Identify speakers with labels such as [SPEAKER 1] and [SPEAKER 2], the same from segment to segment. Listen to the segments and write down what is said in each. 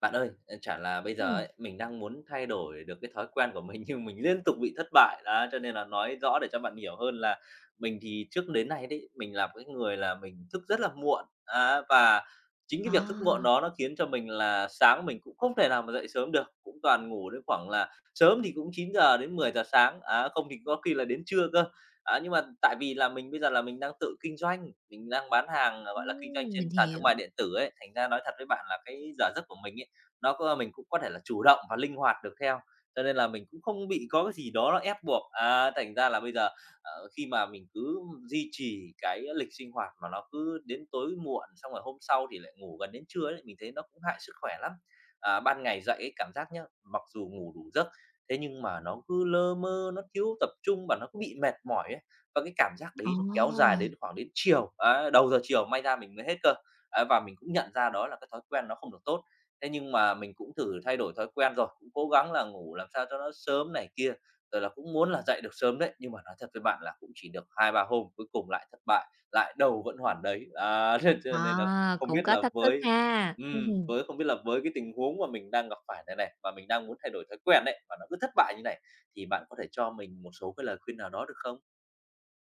[SPEAKER 1] Bạn ơi, ờ, chả là bây giờ
[SPEAKER 2] Ừm.
[SPEAKER 1] ấy, mình đang muốn thay đổi được cái thói quen của mình nhưng mình liên tục bị thất bại, đó, cho nên là nói rõ để cho bạn hiểu hơn là mình thì trước đến nay đấy, mình là một cái người là mình thức rất là muộn, á, và chính cái việc thức muộn
[SPEAKER 2] À!
[SPEAKER 1] đó nó khiến cho mình là sáng mình cũng không thể nào mà dậy sớm được, cũng toàn ngủ đến khoảng là sớm thì cũng 9:00 đến 10:00 sáng, á, không thì có khi là đến trưa cơ. Á, nhưng mà tại vì là mình bây giờ là mình đang tự kinh doanh, mình đang bán hàng, ờ, gọi là, kinh doanh
[SPEAKER 2] Ưm,
[SPEAKER 1] trên
[SPEAKER 2] mình
[SPEAKER 1] sàn thương mại
[SPEAKER 2] hiểu.
[SPEAKER 1] điện tử ấy, thành ra nói thật với bạn là cái giờ giấc của mình ấy, nó có mình cũng có thể là chủ động hoặc linh hoạt được theo, cho nên là mình cũng không bị có cái gì đó ép buộc. À, thành ra là bây giờ, ờ, khi mà mình cứ duy trì cái lịch sinh hoạt mà nó cứ đến tối muộn xong rồi hôm sau thì lại ngủ gần đến trưa ấy, mình thấy nó cũng hại sức khỏe lắm. À, ban ngày dậy ấy cảm giác nhá, mặc dù ngủ đủ giấc, thế nhưng mà nó cứ lơ mơ, nó thiếu tập trung và nó cứ bị mệt mỏi ấy. Và cái cảm giác đấy nó kéo dài
[SPEAKER 2] Ờ!
[SPEAKER 1] đến khoảng đến chiều, á, đầu giờ chiều may ra mình mới hết cơ. Ấy, và mình cũng nhận ra đó là cái thói quen nó không được tốt. Thế nhưng mà mình cũng thử thay đổi thói quen rồi, cũng cố gắng là ngủ làm sao cho nó sớm này kia, rồi là cũng muốn là dậy được sớm đấy. Nhưng mà nói thật với bạn là cũng chỉ được 2-3 hôm, cuối cùng lại thất bại, lại đâu vẫn
[SPEAKER 2] Ừm.
[SPEAKER 1] hoàn đấy. À, thế cho nên là
[SPEAKER 2] À,
[SPEAKER 1] không
[SPEAKER 2] cũng
[SPEAKER 1] biết
[SPEAKER 2] có
[SPEAKER 1] là
[SPEAKER 2] thách thức
[SPEAKER 1] với
[SPEAKER 2] ha! Ừm
[SPEAKER 1] ừm,
[SPEAKER 2] hưm.
[SPEAKER 1] với không biết là với cái tình huống mà mình đang gặp phải này nè, mà mình đang muốn thay đổi thói quen ấy, mà nó cứ thất bại như này, thì bạn có thể cho mình một số cái lời khuyên nào đó được không?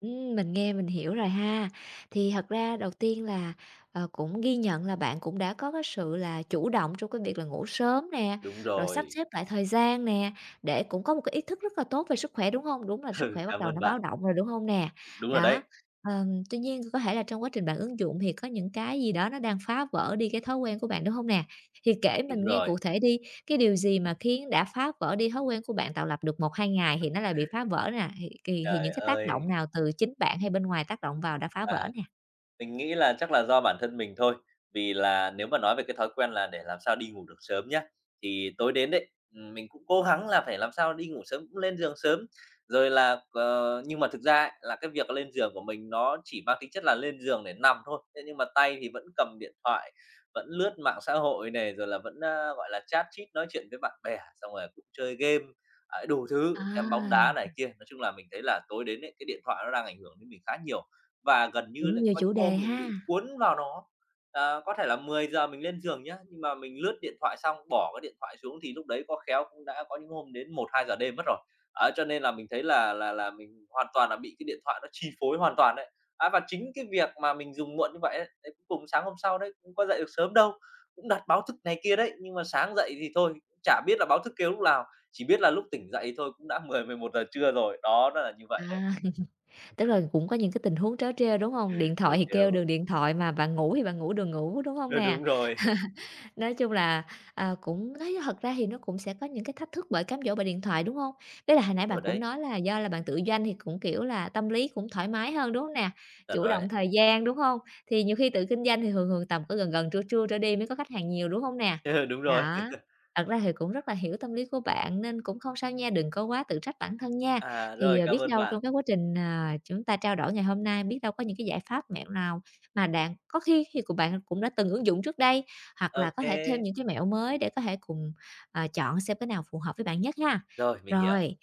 [SPEAKER 2] Ừm, mình nghe mình hiểu rồi ha. Thì thật ra đầu tiên là, ờ, cũng ghi nhận là bạn cũng đã có cái sự là chủ động trong cái việc là ngủ sớm nè,
[SPEAKER 1] Đúng
[SPEAKER 2] rồi sắp
[SPEAKER 1] rồi.
[SPEAKER 2] xếp lại thời gian nè, để cũng có một cái ý thức rất là tốt về sức khỏe, đúng hông? Đúng là sức khỏe bắt
[SPEAKER 1] Cảm
[SPEAKER 2] đầu
[SPEAKER 1] ơn
[SPEAKER 2] nó báo
[SPEAKER 1] bạn.
[SPEAKER 2] động rồi, đúng hông nè?
[SPEAKER 1] Đúng rồi
[SPEAKER 2] Đó,
[SPEAKER 1] đấy.
[SPEAKER 2] ờm, tuy nhiên có thể là trong quá trình bạn ứng dụng thì có những cái gì đó nó đang phá vỡ đi cái thói quen của bạn, đúng hông nè? Thì kể mình
[SPEAKER 1] Đúng
[SPEAKER 2] nghe
[SPEAKER 1] rồi.
[SPEAKER 2] cụ thể đi, cái điều gì mà khiến đã phá vỡ đi thói quen của bạn, tạo lập được 1-2 ngày thì nó lại bị phá vỡ nè? Thì thì thì
[SPEAKER 1] Trời
[SPEAKER 2] những cái tác
[SPEAKER 1] ơi!
[SPEAKER 2] động nào, từ chính bạn hay bên ngoài tác động vào đã phá
[SPEAKER 1] À.
[SPEAKER 2] vỡ nè?
[SPEAKER 1] Mình nghĩ là chắc là do bản thân mình thôi. Vì là nếu mà nói về cái thói quen là để làm sao đi ngủ được sớm nhá, thì tối đến đấy, ừm, mình cũng cố gắng là phải làm sao đi ngủ sớm, cũng lên giường sớm. Rồi là, ờ nhưng mà thực ra ấy, là cái việc lên giường của mình nó chỉ mang tính chất là lên giường để nằm thôi, thế nhưng mà tay thì vẫn cầm điện thoại, vẫn lướt mạng xã hội này, rồi là vẫn, ơ, gọi là, chat chít, nói chuyện với bạn bè, xong rồi là cũng chơi game. Đấy, đủ thứ, xem bóng
[SPEAKER 2] À.
[SPEAKER 1] đá này kia. Nói chung là mình thấy là tối đến ấy, cái điện thoại nó đang ảnh hưởng đến mình khá nhiều. Và gần như
[SPEAKER 2] Cũng
[SPEAKER 1] lấy
[SPEAKER 2] nhiều
[SPEAKER 1] có
[SPEAKER 2] chủ
[SPEAKER 1] những hôm
[SPEAKER 2] đề
[SPEAKER 1] mình
[SPEAKER 2] ha.
[SPEAKER 1] bị cuốn vào nó. À, có thể là 10:00 mình lên giường nhá, nhưng mà mình lướt điện thoại xong, bỏ cái điện thoại xuống thì lúc đấy có khéo cũng đã có những hôm đến 01:00-02:00 đêm mất rồi. Đó, cho nên là mình thấy là là là mình hoàn toàn là bị cái điện thoại nó chi phối hoàn toàn đấy. Á, và chính cái việc mà mình dùng muộn như vậy ấy, đấy cuối cùng sáng hôm sau đấy cũng có dậy được sớm đâu, cũng đặt báo thức này kia đấy, nhưng mà sáng dậy thì thôi, chả biết là báo thức kêu lúc lào, chỉ biết là lúc tỉnh dậy thôi cũng đã 10:00-11:00 trưa rồi. Đó, nó là như vậy đấy.
[SPEAKER 2] À, tức là cũng có những cái tình huống trớ trêu, đúng hông? Điện
[SPEAKER 1] Trớ
[SPEAKER 2] thoại thì
[SPEAKER 1] trêu.
[SPEAKER 2] kêu đường điện thoại mà bạn ngủ thì bạn ngủ đường ngủ, đúng hông
[SPEAKER 1] Ơ,
[SPEAKER 2] nè?
[SPEAKER 1] đúng rồi.
[SPEAKER 2] Nói chung là, ờ, cũng đấy, thật ra thì nó cũng sẽ có những cái thách thức bởi cám dỗ bởi điện thoại, đúng hông? Ý là hồi nãy
[SPEAKER 1] Đúng rồi
[SPEAKER 2] bạn cũng
[SPEAKER 1] đấy.
[SPEAKER 2] nói là do là bạn tự doanh thì cũng, kiểu là, tâm lý cũng thoải mái hơn, đúng hông nè?
[SPEAKER 1] Chuẩn
[SPEAKER 2] Chủ
[SPEAKER 1] rồi
[SPEAKER 2] động
[SPEAKER 1] đấy.
[SPEAKER 2] thời gian, đúng hông? Thì nhiều khi tự kinh doanh thì thường thường tầm cứ gần gần trưa trưa trở đi mới có khách hàng nhiều, đúng hông nè?
[SPEAKER 1] Đúng rồi.
[SPEAKER 2] Đó. Thật ra thì cũng rất là hiểu tâm lý của bạn nên cũng không sao nha, đừng có quá tự trách bản thân nha.
[SPEAKER 1] À,
[SPEAKER 2] Thì,
[SPEAKER 1] rồi,
[SPEAKER 2] ờ, biết
[SPEAKER 1] cảm ơn
[SPEAKER 2] đâu trong
[SPEAKER 1] bạn.
[SPEAKER 2] cái quá trình, ờ, chúng ta trao đổi ngày hôm nay, biết đâu có những cái giải pháp, mẹo nào mà đạn có khi thì của bạn cũng đã từng ứng dụng trước đây hoặc là có thể thêm
[SPEAKER 1] OK.
[SPEAKER 2] những cái mẹo mới để có thể cùng, ờ, chọn xem cái nào phù hợp với bạn nhất ha?
[SPEAKER 1] Rồi, mình hiểu.
[SPEAKER 2] Rồi,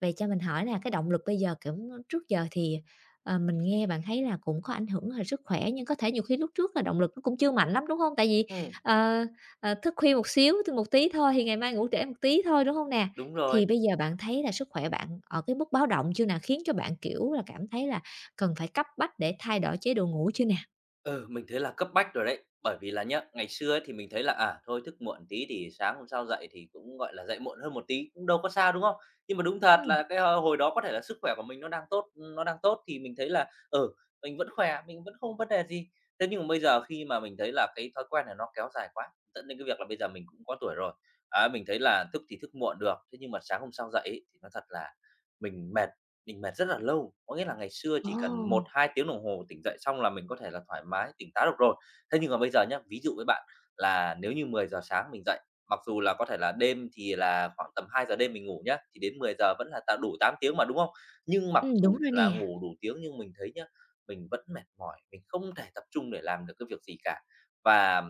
[SPEAKER 2] vậy cho mình hỏi nè, cái động lực bây giờ, kiểu, trước giờ thì, ờ, mình nghe bạn thấy là cũng có ảnh hưởng h sức khỏe nhưng có thể nhiều khi lúc trước là động lực nó cũng chưa mạnh lắm, đúng hông? Tại vì,
[SPEAKER 1] Ừm.
[SPEAKER 2] ờ, ờ, thức khuya một xíu thôi, một tí thôi thì ngày mai ngủ trễ một tí thôi, đúng hông nè?
[SPEAKER 1] Đúng rồi.
[SPEAKER 2] Thì bây giờ bạn thấy là sức khỏe bạn ở cái mức báo động chưa nà? Khiến cho bạn, kiểu là, cảm thấy là cần phải cấp bách để thay đổi chế độ ngủ chưa nè?
[SPEAKER 1] Ừ, mình thấy là cấp bách rồi đấy, bởi vì là nhá, ngày xưa ấy thì mình thấy là, à, thôi thức muộn tí thì sáng hôm sau dậy thì cũng, gọi là, dậy muộn hơn một tí, cũng đâu có sao, đúng không? Nhưng mà đúng thật
[SPEAKER 2] Ừm.
[SPEAKER 1] là cái h hồi đó có thể là sức khỏe của mình nó đang tốt, ừm, nó đang tốt thì mình thấy là, ừ, mình vẫn khỏe, mình vẫn không vấn đề gì. Thế nhưng mà bây giờ khi mà mình thấy là cái thói quen này nó kéo dài quá, dẫn đến cái việc là bây giờ mình cũng có tuổi rồi, á, mình thấy là thức thì thức muộn được, thế nhưng mà sáng hôm sau dậy ấy nói thật là mình mệt, mình mệt rất là lâu. Có nghĩa là ngày xưa chỉ cần một
[SPEAKER 2] Ồ.
[SPEAKER 1] hai tiếng đồng hồ tỉnh dậy xong là mình có thể là thoải mái tỉnh táo được rồi, thế nhưng mà bây giờ nhá, ví dụ với bạn là nếu như 10:00 sáng mình dậy, mặc dù là có thể là đêm thì là khoảng tầm 2:00 đêm mình ngủ nhá, thì đến 10:00 vẫn là tám đủ 8 tiếng mà, đúng không? Nhưng mặc
[SPEAKER 2] Ừm, đúng
[SPEAKER 1] dù
[SPEAKER 2] rồi
[SPEAKER 1] là
[SPEAKER 2] nè.
[SPEAKER 1] ngủ đủ tiếng nhưng mình thấy nhá mình vẫn mệt mỏi, mình không thể tập trung để làm được cái việc gì cả. Và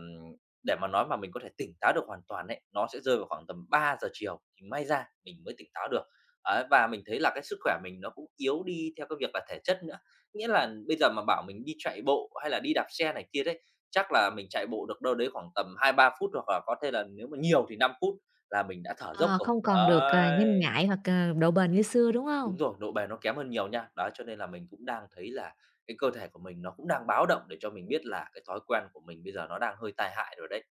[SPEAKER 1] để mà nói mà mình có thể tỉnh táo được hoàn toàn ấy, nó sẽ rơi vào khoảng tầm 3:00 chiều thì may ra mình mới tỉnh táo được. Đấy, và mình thấy là cái sức khỏe mình nó cũng yếu đi theo cái việc là thể chất nữa, nghĩa là bây giờ mà bảo mình đi chạy bộ hay là đi đạp xe này kia đấy, chắc là mình chạy bộ được đâu đấy khoảng tầm 2-3 phút hoặc là có thể là nếu mà nhiều thì 5 phút là mình đã thở dốc
[SPEAKER 2] Ờ,
[SPEAKER 1] rồi,
[SPEAKER 2] không còn được, ờ, nhanh
[SPEAKER 1] đấy.
[SPEAKER 2] nhạy hoặc, ờ, độ bền như xưa, đúng
[SPEAKER 1] Đúng
[SPEAKER 2] hông?
[SPEAKER 1] rồi, độ bền nó kém hơn nhiều nha. Đó, cho nên là mình cũng đang thấy là cái cơ thể của mình nó cũng đang báo động để cho mình biết là cái thói quen của mình bây giờ nó đang hơi tai hại rồi đấy.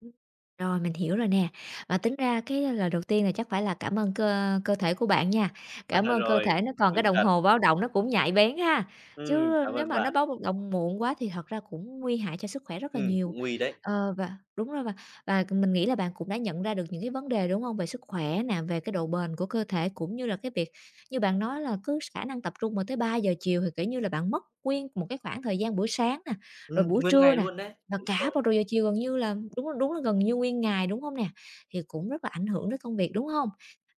[SPEAKER 2] Ưm. Rồi, mình hiểu rồi nè. Và tính ra cái lời đầu tiên là chắc phải là cảm ơn cơ cơ thể của bạn nha.
[SPEAKER 1] À,
[SPEAKER 2] Cảm
[SPEAKER 1] rồi,
[SPEAKER 2] ơn cơ
[SPEAKER 1] rồi!
[SPEAKER 2] thể nó còn cái
[SPEAKER 1] Đúng
[SPEAKER 2] đồng
[SPEAKER 1] thật.
[SPEAKER 2] hồ báo động nó cũng nhạy bén ha,
[SPEAKER 1] Ừm,
[SPEAKER 2] chứ
[SPEAKER 1] cảm
[SPEAKER 2] nếu
[SPEAKER 1] ơn
[SPEAKER 2] mà nó
[SPEAKER 1] bạn.
[SPEAKER 2] báo [unintelligible] động muộn quá thì thật ra cũng nguy hại cho sức khỏe rất là
[SPEAKER 1] Ừm,
[SPEAKER 2] nhiều.
[SPEAKER 1] cũng nguy đấy!
[SPEAKER 2] Ờ, và đúng rồi, và và mình nghĩ là bạn cũng đã nhận ra được những cái vấn đề, đúng hông? Về sức khỏe nè, về cái độ bền của cơ thể cũng như là cái việc như bạn nói là cứ khả năng tập trung mà tới 3:00 chiều thì, kiểu như, là bạn mất nguyên một cái khoảng thời gian buổi sáng nè, rồi
[SPEAKER 1] Ừm,
[SPEAKER 2] buổi
[SPEAKER 1] nguyên
[SPEAKER 2] trưa
[SPEAKER 1] ngày
[SPEAKER 2] nè,
[SPEAKER 1] luôn đấy!
[SPEAKER 2] và
[SPEAKER 1] Đúng
[SPEAKER 2] cả
[SPEAKER 1] rồi.
[SPEAKER 2] vào đầu giờ chiều gần như là, đúng là đúng là gần như nguyên ngày, đúng hông nè? Thì cũng rất là ảnh hưởng đến công việc, đúng hông?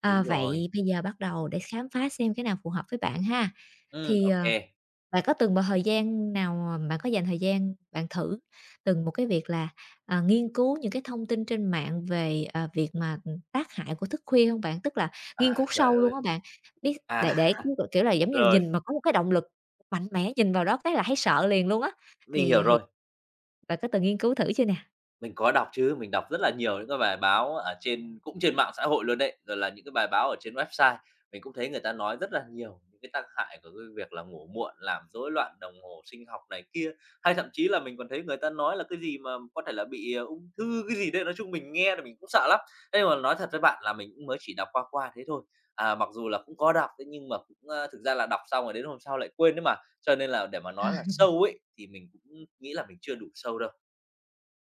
[SPEAKER 2] À,
[SPEAKER 1] Đúng rồi.
[SPEAKER 2] vậy bây giờ bắt đầu để khám phá xem cái nào phù hợp với bạn ha.
[SPEAKER 1] Ừm,
[SPEAKER 2] Thì,
[SPEAKER 1] ô
[SPEAKER 2] ờ,
[SPEAKER 1] kê.
[SPEAKER 2] bạn có từng vào thời gian nào mà bạn có dành thời gian bạn thử từng một cái việc là, à, nghiên cứu những cái thông tin trên mạng về, à, việc mà, ừm, tác hại của thức khuya hông bạn? Tức là nghiên
[SPEAKER 1] À,
[SPEAKER 2] cứu
[SPEAKER 1] trời
[SPEAKER 2] sâu
[SPEAKER 1] ơi!
[SPEAKER 2] luôn á bạn? Biết
[SPEAKER 1] À,
[SPEAKER 2] để để [unintelligible] kiểu là, giống như là,
[SPEAKER 1] rồi!
[SPEAKER 2] nhìn mà có một cái động lực mạnh mẽ, nhìn vào đó cái là thấy sợ liền luôn á,
[SPEAKER 1] Mình hiểu
[SPEAKER 2] thì thì
[SPEAKER 1] rồi.
[SPEAKER 2] bạn có từng nghiên cứu thử chưa nè?
[SPEAKER 1] Mình có đọc chứ, mình đọc rất là nhiều những cái bài báo ở trên cũng trên mạng xã hội luôn đấy, rồi là những cái bài báo ở trên website. Mình cũng thấy người ta nói rất là nhiều cái tác hại của cái việc là ngủ muộn làm rối loạn đồng hồ sinh học này kia, hay thậm chí là mình còn thấy người ta nói là cái gì mà có thể là bị, à, ung thư, cái gì đấy, nói chung mình nghe là mình cũng sợ lắm. Ấy nhưng mà nói thật với bạn là mình cũng mới chỉ đọc qua qua thế thôi, à, mặc dù là cũng có đọc đấy nhưng mà cũng, ơ, thực ra là đọc xong rồi đến hôm sau lại quên ấy mà, cho nên là để mà
[SPEAKER 2] À.
[SPEAKER 1] nói là sâu ấy thì mình cũng nghĩ là mình chưa đủ sâu đâu.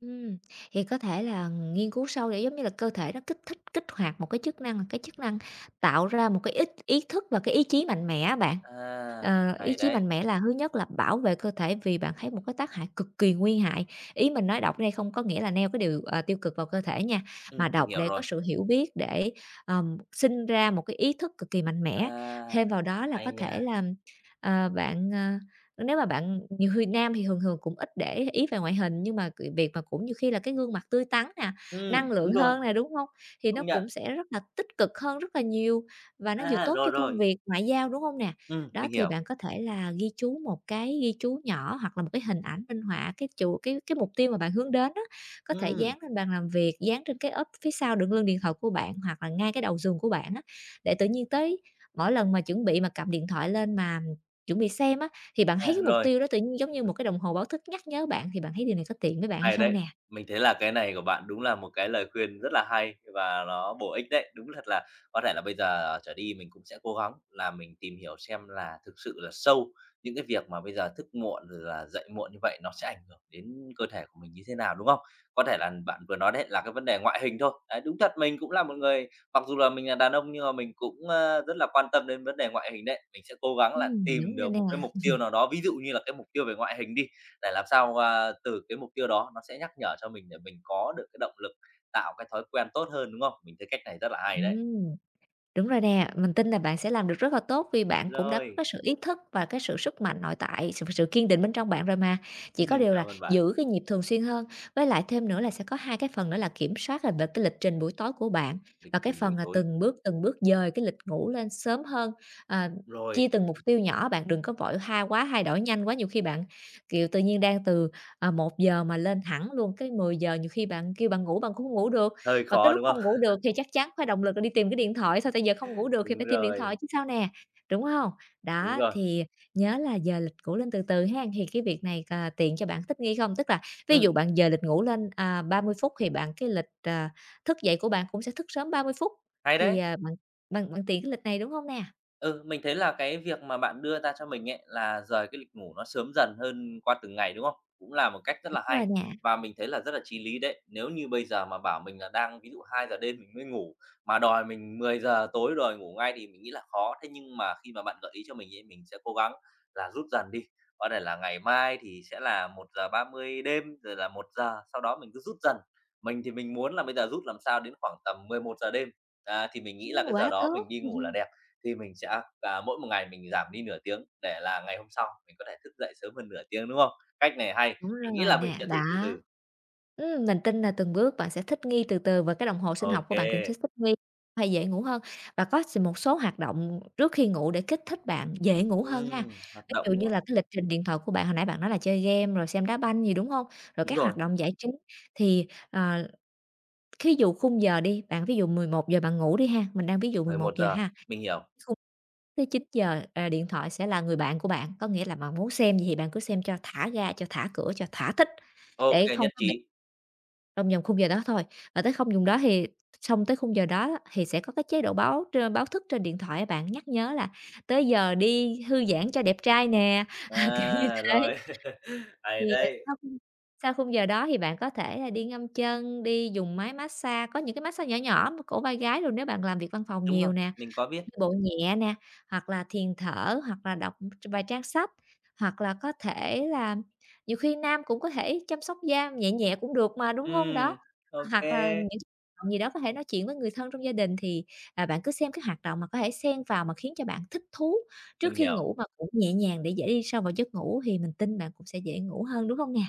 [SPEAKER 2] Ừm. Thì có thể là nghiên cứu sâu để giống như là cơ thể nó kích thích, kích hoạt một cái chức năng một cái chức năng tạo ra một cái ích ý thức và cái ý chí mạnh mẽ á bạn.
[SPEAKER 1] À,
[SPEAKER 2] Ờ, ý
[SPEAKER 1] hay
[SPEAKER 2] chí
[SPEAKER 1] đấy!
[SPEAKER 2] mạnh mẽ là thứ nhất là bảo vệ cơ thể, vì bạn thấy một cái tác hại cực kỳ nguy hại. Ý mình nói đọc ở đây không có nghĩa là neo cái điều, ờ, tiêu cực vào cơ thể nha,
[SPEAKER 1] Ừm,
[SPEAKER 2] mà
[SPEAKER 1] mình
[SPEAKER 2] đọc
[SPEAKER 1] hiểu
[SPEAKER 2] để có
[SPEAKER 1] rồi.
[SPEAKER 2] sự hiểu biết để, ờ, sinh ra một cái ý thức cực kỳ mạnh mẽ.
[SPEAKER 1] À,
[SPEAKER 2] Thêm vào đó là có
[SPEAKER 1] hay
[SPEAKER 2] thể
[SPEAKER 1] nha.
[SPEAKER 2] là, ờ, bạn, ờ, nếu mà bạn nhiều khi nam thì thường thường cũng ít để ý ý về ngoại hình, nhưng mà c việc mà cũng nhiều khi là cái gương mặt tươi tắn nè,
[SPEAKER 1] Ừm,
[SPEAKER 2] năng lượng
[SPEAKER 1] đúng rồi.
[SPEAKER 2] hơn nè, đúng hông? Thì nó
[SPEAKER 1] Công nhận.
[SPEAKER 2] cũng sẽ rất là tích cực hơn rất là nhiều và nó vừa
[SPEAKER 1] A,
[SPEAKER 2] tốt
[SPEAKER 1] rồi,
[SPEAKER 2] cho công
[SPEAKER 1] rồi.
[SPEAKER 2] việc ngoại giao, đúng hông nè?
[SPEAKER 1] Ừm,
[SPEAKER 2] Đó,
[SPEAKER 1] mình
[SPEAKER 2] thì
[SPEAKER 1] hiểu.
[SPEAKER 2] bạn có thể là ghi chú một cái ghi chú nhỏ hoặc là một cái hình ảnh minh họa cái chủ cái cái mục tiêu mà bạn hướng đến á, có thể
[SPEAKER 1] Ừm.
[SPEAKER 2] dán lên bàn làm việc, dán trên cái ốp phía sau đựng lưng điện thoại của bạn, hoặc là ngay cái đầu giường của bạn á, để tự nhiên tới mỗi lần mà chuẩn bị mà cầm điện thoại lên mà chuẩn bị xem á, thì bạn thấy
[SPEAKER 1] À,
[SPEAKER 2] cái mục
[SPEAKER 1] rồi.
[SPEAKER 2] tiêu đó tự nhiên giống như một cái đồng hồ báo thức nhắc nhớ bạn. Thì bạn thấy điều này có tiện với bạn hay
[SPEAKER 1] Hay
[SPEAKER 2] không
[SPEAKER 1] đấy!
[SPEAKER 2] nè?
[SPEAKER 1] Mình thấy là cái này của bạn đúng là một cái lời khuyên rất là hay và ló bổ ích đấy. Đúng thật là có thể là bây giờ trở đi mình cũng sẽ cố gắng là mình tìm hiểu xem là thực sự là sâu những cái việc mà bây giờ thức muộn rồi là dậy muộn như vậy, nó sẽ ảnh hưởng đến cơ thể của mình như thế nào, đúng không? Có thể là bạn vừa nói đấy, là cái vấn đề ngoại hình thôi, đấy, đúng thật mình cũng là một người mặc dù là mình là đàn ông nhưng mà mình cũng, ơ, rất là quan tâm đến vấn đề ngoại hình đấy. Mình sẽ cố gắng là
[SPEAKER 2] Ừm,
[SPEAKER 1] tìm
[SPEAKER 2] đúng rồi
[SPEAKER 1] được
[SPEAKER 2] nè.
[SPEAKER 1] một cái mục tiêu nào đó, ví dụ như là cái mục tiêu về ngoại hình đi, để làm sao, a, từ cái mục tiêu đó, nó sẽ nhắc nhở cho mình để mình có được cái động lực, tạo cái thói quen tốt hơn, đúng không? Mình thấy cách này rất là hay đấy.
[SPEAKER 2] Ừm. Đúng rồi nè, mình tin là bạn sẽ làm được rất là tốt. Vì bạn cũng đã có
[SPEAKER 1] Rồi.
[SPEAKER 2] cái sự ý thức và cái sự sức mạnh nội tại, sự sự kiên định bên trong bạn rồi mà, chỉ có điều là
[SPEAKER 1] Cảm ơn bạn.
[SPEAKER 2] giữ cái nhịp thường xuyên hơn. Với lại thêm nữa là sẽ có hai cái phần nữa là kiểm soát, ờ, về cái lịch trình buổi tối của bạn
[SPEAKER 1] Lịch
[SPEAKER 2] và cái
[SPEAKER 1] trình
[SPEAKER 2] phần,
[SPEAKER 1] buổi
[SPEAKER 2] ờ,
[SPEAKER 1] tối.
[SPEAKER 2] từng bước từng bước dời cái lịch ngủ lên sớm hơn, ờ,
[SPEAKER 1] Rồi.
[SPEAKER 2] chia từng mục tiêu nhỏ. Bạn đừng có vội ha quá thay đổi nhanh quá, nhiều khi bạn, kiểu, tự nhiên đang từ, ờ, 1 giờ mà lên thẳng luôn cái 10 giờ, nhiều khi bạn kêu bạn ngủ bạn cũng hông ngủ được.
[SPEAKER 1] Hơi
[SPEAKER 2] Mà cái
[SPEAKER 1] khó,
[SPEAKER 2] lúc
[SPEAKER 1] đúng không?
[SPEAKER 2] hông ngủ được thì chắc chắn phải động lực là đi tìm cái điện thoại, sao tại giờ không ngủ được thì
[SPEAKER 1] Đúng
[SPEAKER 2] phải tìm điện thoại
[SPEAKER 1] rồi.
[SPEAKER 2] chứ sao nè, đúng hông?
[SPEAKER 1] Đúng
[SPEAKER 2] Đó,
[SPEAKER 1] rồi.
[SPEAKER 2] thì nhớ là dời lịch cũ lên từ từ hén. Thì cái việc này, ờ, tiện cho bạn thích nghi không? Tức là ví dụ
[SPEAKER 1] Ừm.
[SPEAKER 2] bạn dời lịch ngủ lên, à, 30 phút thì bạn cái lịch, ờ, thức dậy của bạn cũng sẽ thức sớm 30 phút.
[SPEAKER 1] Hay
[SPEAKER 2] Thì,
[SPEAKER 1] đấy!
[SPEAKER 2] à, bạn bạn bạn tiện cái lịch này, đúng hông nè?
[SPEAKER 1] Ừ, mình thấy là cái việc mà bạn đưa ra cho mình ấy là dời cái lịch ngủ nó sớm dần hơn qua từng ngày, đúng không? Cũng là một cách rất
[SPEAKER 2] Đúng
[SPEAKER 1] là
[SPEAKER 2] rồi
[SPEAKER 1] hay.
[SPEAKER 2] nè.
[SPEAKER 1] Và mình thấy là rất là chí lý đấy. Nếu như bây giờ mà bảo mình là đang ví dụ 2 giờ đêm mình mới ngủ, mà đòi mình 10 giờ tối đòi ngủ ngay thì mình nghĩ là khó. Thế nhưng mà khi mà bạn gợi ý cho mình ấy mình sẽ cố gắng là rút dần đi. Có thể là ngày mai thì sẽ là 1:30 đêm, rồi là 1 giờ, sau đó mình cứ rút dần. Mình thì mình muốn là bây giờ rút làm sao đến khoảng tầm 11 giờ đêm. Đó, thì mình nghĩ
[SPEAKER 2] Ừm,
[SPEAKER 1] là cái giờ
[SPEAKER 2] quá
[SPEAKER 1] đó mình
[SPEAKER 2] tốt!
[SPEAKER 1] đi ngủ là đẹp, thì mình sẽ, à, mỗi một ngày mình giảm đi nửa tiếng để là ngày hôm sau mình có thể thức dậy sớm hơn nửa tiếng, đúng không? Cách này hay,
[SPEAKER 2] Đúng
[SPEAKER 1] mình nghĩ
[SPEAKER 2] rồi
[SPEAKER 1] là mình
[SPEAKER 2] nè,
[SPEAKER 1] sẽ
[SPEAKER 2] đó.
[SPEAKER 1] thử từ từ.
[SPEAKER 2] Ừm, mình tin là từng bước bạn sẽ thích nghi từ từ và cái đồng hồ sinh
[SPEAKER 1] Ô
[SPEAKER 2] học của bạn cũng
[SPEAKER 1] kê.
[SPEAKER 2] sẽ thích nghi phải dễ ngủ hơn. Và có s một số hoạt động trước khi ngủ để kích thích bạn dễ ngủ hơn ha.
[SPEAKER 1] Ừm, hoạt
[SPEAKER 2] Ví
[SPEAKER 1] động,
[SPEAKER 2] dụ
[SPEAKER 1] đúng
[SPEAKER 2] như
[SPEAKER 1] không?
[SPEAKER 2] là cái lịch trình điện thoại của bạn hồi nãy bạn nói là chơi game rồi xem đá banh gì, đúng hông? Rồi
[SPEAKER 1] Đúng
[SPEAKER 2] các
[SPEAKER 1] rồi.
[SPEAKER 2] hoạt động giải trí thì, ờ, thí dụ khung giờ đi, bạn ví dụ 11 giờ bạn ngủ đi ha, mình đang ví dụ mười
[SPEAKER 1] 11
[SPEAKER 2] một giờ
[SPEAKER 1] giờ.
[SPEAKER 2] ha.
[SPEAKER 1] Mình hiểu.
[SPEAKER 2] Xuống tới 9 giờ, à, điện thoại sẽ là người bạn của bạn, có nghĩa là bạn muốn xem gì bạn cứ xem cho thả ga, cho thả cửa, cho thoả thích.
[SPEAKER 1] Ô
[SPEAKER 2] Để
[SPEAKER 1] kê,
[SPEAKER 2] không
[SPEAKER 1] nhất
[SPEAKER 2] có bị
[SPEAKER 1] trí.
[SPEAKER 2] trong vòng khung giờ đó thôi, mà tới không dùng đó thì xong tới khung giờ đó thì sẽ có cái chế độ báo trên báo thức trên điện thoại á bạn, nhắc nhớ là "Tới giờ đi thư giãn cho đẹp trai nè", kiểu như
[SPEAKER 1] À,
[SPEAKER 2] thế.
[SPEAKER 1] rồi. Hay
[SPEAKER 2] Thì, ờ,
[SPEAKER 1] đấy.
[SPEAKER 2] sau khi sau khung giờ đó thì bạn có thể là đi ngâm chân, đi dùng máy massage, có những cái massage nhỏ nhỏ cổ vai gáy, nếu bạn làm việc văn phòng
[SPEAKER 1] Đúng
[SPEAKER 2] nhiều
[SPEAKER 1] rồi.
[SPEAKER 2] nè,
[SPEAKER 1] Mình có biết.
[SPEAKER 2] đi bộ nhẹ nè, hoặc là thiền thở hoặc là đọc tr vài trang sách. Hoặc là có thể là nhiều khi nam cũng có thể chăm sóc da nhẹ nhẹ cũng được mà, đúng hông? Đó,
[SPEAKER 1] Ừm. Ô
[SPEAKER 2] hoặc là
[SPEAKER 1] kê.
[SPEAKER 2] những động gì đó, có thể nói chuyện với người thân trong gia đình thì, à, bạn cứ xem cái hoạt động mà có thể xen vào mà khiến cho bạn thích thú trước
[SPEAKER 1] Mình
[SPEAKER 2] khi
[SPEAKER 1] hiểu.
[SPEAKER 2] ngủ mà cũng nhẹ nhàng để dễ đi sâu vào giấc ngủ thì mình tin bạn cũng sẽ dễ ngủ hơn, đúng hông nè?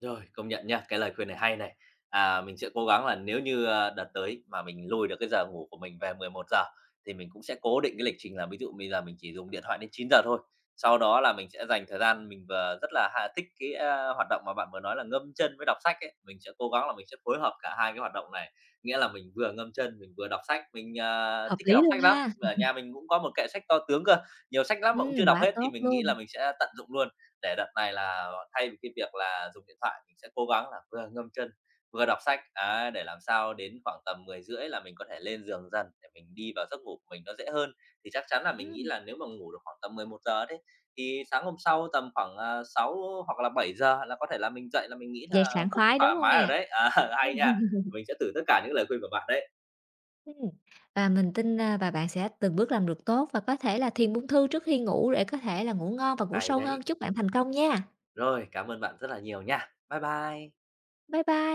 [SPEAKER 1] Rồi, công nhận nha cái lời khuyên này hay này. À, mình sẽ cố gắng là nếu như, ơ, đợt tới mà mình lùi được cái giờ ngủ của mình về 11:00 thì mình cũng sẽ cố định cái lịch trình là ví dụ bây giờ mình chỉ dùng điện thoại đến 9:00 thôi. Sau đó là mình sẽ dành thời gian mình v rất là, ha, thích cái, a, hoạt động mà bạn vừa nói là ngâm chân với đọc sách ấy, mình sẽ cố gắng là, mình sẽ phối hợp cả 2 cái hoạt động này. Nghĩa là mình vừa ngâm chân mình vừa đọc sách, mình, ờ,
[SPEAKER 2] Hợp
[SPEAKER 1] thích, cái,
[SPEAKER 2] lý
[SPEAKER 1] đọc
[SPEAKER 2] luôn
[SPEAKER 1] sách lắm,
[SPEAKER 2] ha.
[SPEAKER 1] ở nhà mình cũng có một kệ sách to tướng cơ, nhiều sách lắm mà cũng chưa
[SPEAKER 2] Ưm,
[SPEAKER 1] đọc
[SPEAKER 2] quá
[SPEAKER 1] hết, thì
[SPEAKER 2] tốt
[SPEAKER 1] mình nghĩ
[SPEAKER 2] luôn.
[SPEAKER 1] là mình sẽ tận dụng luôn. Để đợt này là thay vì cái việc là dùng điện thoại sẽ cố gắng là vừa ngâm chân vừa đọc sách, ấy, để làm sao đến khoảng tầm 10:30 là mình có thể lên giường dần để mình đi vào giấc ngủ mình nó dễ hơn. Thì chắc chắn là mình nghĩ
[SPEAKER 2] Ưm.
[SPEAKER 1] là nếu mà ngủ được khoảng tầm 11:00 đấy, thì sáng hôm sau tầm khoảng, ờ, 6 hoặc là 7:00 là có thể là mình dậy là mình nghĩ là
[SPEAKER 2] Dậy sảng
[SPEAKER 1] cũng
[SPEAKER 2] khoái, đúng
[SPEAKER 1] thoải
[SPEAKER 2] hông
[SPEAKER 1] mái rồi
[SPEAKER 2] nè?
[SPEAKER 1] đấy. Ờ, hay nha. Mình sẽ thử tất cả những lời khuyên của bạn đấy.
[SPEAKER 2] Ưm. Và mình tin, ơ, và bạn sẽ từng bước làm được tốt và có thể là thiền buông thư trước khi ngủ để có thể là ngủ ngon và ngủ
[SPEAKER 1] Ai
[SPEAKER 2] sâu
[SPEAKER 1] đấy?
[SPEAKER 2] hơn. Chúc bạn thành công nha.
[SPEAKER 1] Rồi, cảm ơn bạn rất là nhiều nha. Bái bai.
[SPEAKER 2] Bái bai.